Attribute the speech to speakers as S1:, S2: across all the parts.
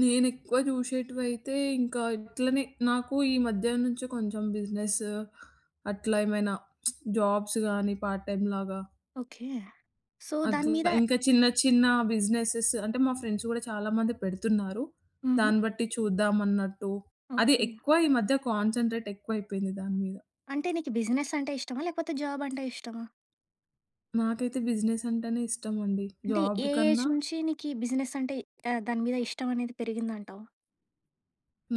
S1: నేనేక్కువ జూశేటివయితే ఇంకా ఇట్లనే నాకు ఈ మధ్య నుంచి కొంచెం బిజినెస్ అట్లా ఏమైనా జాబ్స్ గాని పార్ట్ టైమ్ లాగ
S2: ఓకే. సో, దాని మీద
S1: అట్లా ఇంకా చిన్న చిన్న బిజినెసస్ అంటే మా ఫ్రెండ్స్ కూడా చాలా మంది పెడుతున్నారు.
S2: హుహు.
S1: దాన్ని బట్టి చూద్దాం అన్నట్టు అది
S2: ఓకే.
S1: ఎక్కువ ఈ మధ్య కాన్సంట్రేట్ ఎక్కువైయిపోయింది దాని మీద.
S2: అంటే నీకు బిజినెస్ అంటే ఇష్టమా? లేకపోతే జాబ్ అంటే ఇష్టమా?
S1: నాకైతే బిజినెస్ అంటేనే ఇష్టమండి
S2: అంటే
S1: జాబ్
S2: ఏ ఏజ్
S1: కన్నా
S2: నుంచి నీకి బిజినెసంటే ఆహ్, దాని మీద ఇష్టం అనేది పెరిగిందంటావు?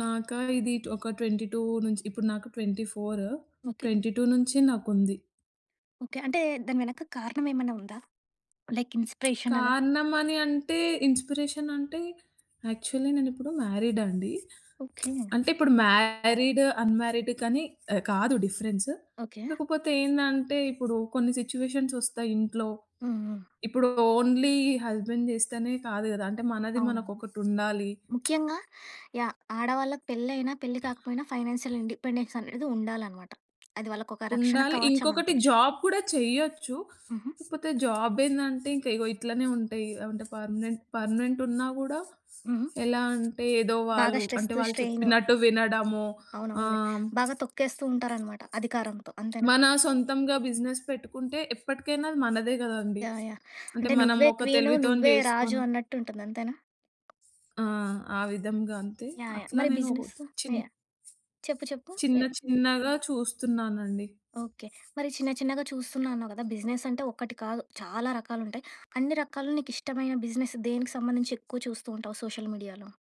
S1: నాకా ఇది ట్ ఒక 22 నుంచి ఇప్పుడు నాకు 24,
S2: ఓకే.
S1: 22 నుంచి నాకుంది.
S2: ఓకే. అంటే దాని వెనక కారణం ఏమైనా ఉందా? లైక్ ఇన్స్పిరేషన్ అలా?
S1: కారణమన్ని అంటే ఇన్స్పిరేషన్ అంటే యాక్చువలి నేనిప్పుడు మ్యారీడండి.
S2: ఓకే.
S1: అంటే ఇప్పుడు మ్యారీడ్, అన్‌మ్యారీడ్ కానీ ఆహ్, కాదు డిఫరెన్స్.
S2: ఓకే.
S1: కాకపోతే ఏందంటే ఇప్పుడు కొన్ని సిట్యుయేషన్స్ ఒస్తాయి ఇంట్లో
S2: హ్మ్. హ్మ్.
S1: ఇప్పుడు ఓన్లీ హస్బెండ్ జేస్తేనే కాదు గదా! అంటే మనది
S2: అవునండి.
S1: మనకొకటుండాలి.
S2: ముఖ్యంగా యాహ్! ఆడవాళ్ళకి పెళ్లి అయినా, పెళ్లి కాకపోయినా ఫైనాన్షియల్ ఇండిపెండెన్స్ అనేది ఉండాలన్నమాట. అది వాళ్ళకొక రక్షణ
S1: ఉండాలి.
S2: కవచం
S1: ఇంకొకటి
S2: అనుకోవచ్చు.
S1: జాబ్ కూడా చేయొచ్చు.
S2: హుహు.
S1: కాకపోతే జాబ్ ఏందంటే ఇంక ఇగో ఇట్లానే ఉంటాయి. అంటే పర్మనెంట్ పర్మనెంట్ ఉన్నా కూడా
S2: హుహు.
S1: ఎలా అంటే ఏదో
S2: బాగా
S1: వాళ్ళు అంటే
S2: స్ట్రెస్త్,
S1: వాళ్ళు
S2: స్ట్రైన్
S1: చెప్పినట్టు వినడము
S2: అవునవునులే.
S1: ఆహ్,
S2: బాగా తొక్కేస్తూ ఉంటారన్నమాట అధికారంతో అంతేనా?
S1: మన సొంతంగా బిజినెస్ పెట్టుకుంటే ఎప్పటికైనా అది మనదే గదండీ!
S2: యాహ్! యాహ్!
S1: అంటే
S2: అంటే నువ్వే
S1: మనమొక
S2: క్వీన్,
S1: తెలివితోని
S2: నువ్వే రాజు
S1: జేసుకొని
S2: అన్నట్టు ఉంటుంది అంతేనా?
S1: ఆ! ఆ విధంగా అంతే
S2: యాహ్! యాహ్!
S1: అట్లా
S2: మరి
S1: నేనోక
S2: బిజినెస్?
S1: చిన్
S2: యాహ్! చెప్పు చెప్పు.
S1: చిన్న
S2: యాహ్!
S1: చిన్నగా చూస్తున్నానండి.
S2: ఓకే. మరి చిన్న చిన్నగా చూస్తున్నానన్నావు గదా! బిజినెస్ అంటే ఒకటి కాదు చాలా రకాలుంటాయి. అన్ని రకాలు నీకిష్టమైన బిజినెస్ దేనికి సంబంధించి ఎక్కువ చూస్తూ ఉంటావు సోషల్ మీడియాలో?